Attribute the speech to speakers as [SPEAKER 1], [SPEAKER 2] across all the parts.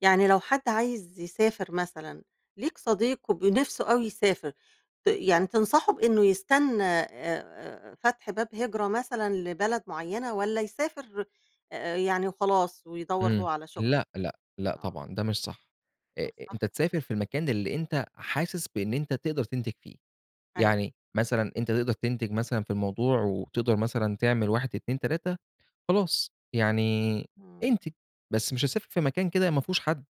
[SPEAKER 1] يعني لو حد عايز يسافر مثلًا، ليك صديق وب نفسه أوي يسافر، ت يعني تنصحه بإنه يستنّى آآ، آآ، فتح باب هجرة مثلًا لبلد معيّنة، والّا يسافر أ أ يعني وخلاص، ويدوّر هو
[SPEAKER 2] إمم،
[SPEAKER 1] على شغل يعني؟
[SPEAKER 2] لأ لأ لأ
[SPEAKER 1] آه.
[SPEAKER 2] طبعًا، ده مش صح آآ،
[SPEAKER 1] إمم،
[SPEAKER 2] أنت
[SPEAKER 1] صح،
[SPEAKER 2] تسافر
[SPEAKER 1] اهم.
[SPEAKER 2] في المكان اللي أنت حاسس بإن أنت تقدر تنتج فيه،
[SPEAKER 1] أيوه.
[SPEAKER 2] يعني مثلًا أنت تقدر تنتج مثلًا في الموضوع وتقدر مثلًا تعمل 1، 2، 3، خلاص، يعني
[SPEAKER 1] إمم.
[SPEAKER 2] انتج، بس مش هتسافر في مكان كده ما فيهوش حد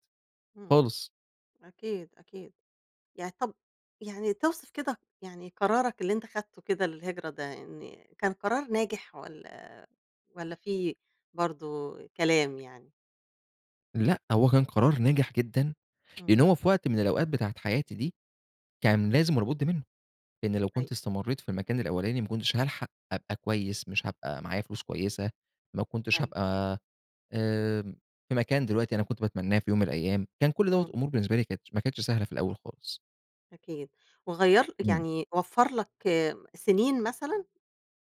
[SPEAKER 1] إمم
[SPEAKER 2] خالص.
[SPEAKER 1] أكيد، أكيد، يعني طَب يعني توصف كده يعني قرارك اللي أنت أخدته كده، للهجرة ده، إن كان قرار ناجح والّا والّا في برضو كلام يعني؟
[SPEAKER 2] لأ، هو كان قرار ناجح جدًا لأنّه
[SPEAKER 1] إمم.
[SPEAKER 2] هو في وقت من الأوقات بتاعة حياتي دي، كان لازم ولا بُد منّه، لإن لو
[SPEAKER 1] أيوه.
[SPEAKER 2] كنت استمريت في المكان الأولاني ما كنتش هالحق أبقى كويّس، مش هابقى معايا فلوس كويّسة، ما كنتش
[SPEAKER 1] أيوه.
[SPEAKER 2] هابقى آآ، في مكان دلوقتي أنا كنت باتمناه في يوم من الأيّام، كان كل دوّة
[SPEAKER 1] إمم.
[SPEAKER 2] الأمور بالنسبة لي كانتش ما كانتش سهلة في الأوّل خالص.
[SPEAKER 1] أكيد، وغيّر لك
[SPEAKER 2] إمم.
[SPEAKER 1] يعني وفر لك سنين مثلًا؟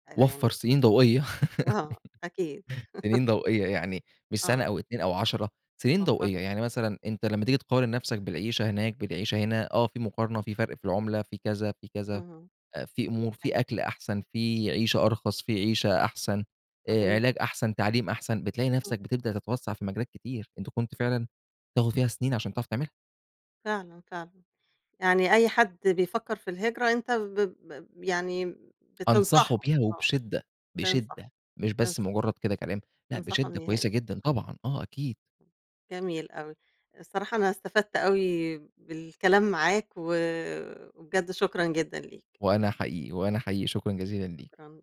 [SPEAKER 1] آآ،
[SPEAKER 2] وفر
[SPEAKER 1] يعني
[SPEAKER 2] سنين ضوئية،
[SPEAKER 1] آه، أكيد.
[SPEAKER 2] سنين ضوئية، يعني مش سنة
[SPEAKER 1] آه.
[SPEAKER 2] أو 2 أو 10، سنين
[SPEAKER 1] وفر
[SPEAKER 2] ضوئية،
[SPEAKER 1] لك.
[SPEAKER 2] يعني مثلًا أنت لمّا تيجي تقارن نفسك بالعيشة هناك، بالعيشة هنا، آه في مقارنة، في فرق في العملة، في كذا، في كذا،
[SPEAKER 1] اهم،
[SPEAKER 2] آآ، في أمور في
[SPEAKER 1] أيوه.
[SPEAKER 2] أكل أحسن في عيشة أرخص في عيشة أحسن آآ،
[SPEAKER 1] صحيح.
[SPEAKER 2] علاج أحسن، تعليم أحسن، بتلاقي
[SPEAKER 1] إمم.
[SPEAKER 2] نفسك بتبدأ تتوسع في مجالات كتير، أنت كنت فعلًا تاخد فيها سنين عشان تعرف تعملها.
[SPEAKER 1] فعلًا، فعلًا، يعني أي حد بيفكر في الهجرة أنت ب ب يعني
[SPEAKER 2] أنصحه
[SPEAKER 1] بتنصحه،
[SPEAKER 2] بيها
[SPEAKER 1] آه،
[SPEAKER 2] وبشدة،
[SPEAKER 1] تنصح،
[SPEAKER 2] بشدة، مش
[SPEAKER 1] تنصح.
[SPEAKER 2] بس مجرّد كده كلام، لأ
[SPEAKER 1] تنصحه
[SPEAKER 2] بشدة،
[SPEAKER 1] إنه يهاجر.
[SPEAKER 2] كويّسة جدًا، طبعًا آه، أكيد.
[SPEAKER 1] امم، جميل أوي الصراحة أنا استفدت أوي بالكلام معاك، و وبجد شكرًا جدًا ليك.
[SPEAKER 2] وأنا حقيقي، وأنا حقيقي، شكرًا جزيلا ليكِ.
[SPEAKER 1] شكرًا.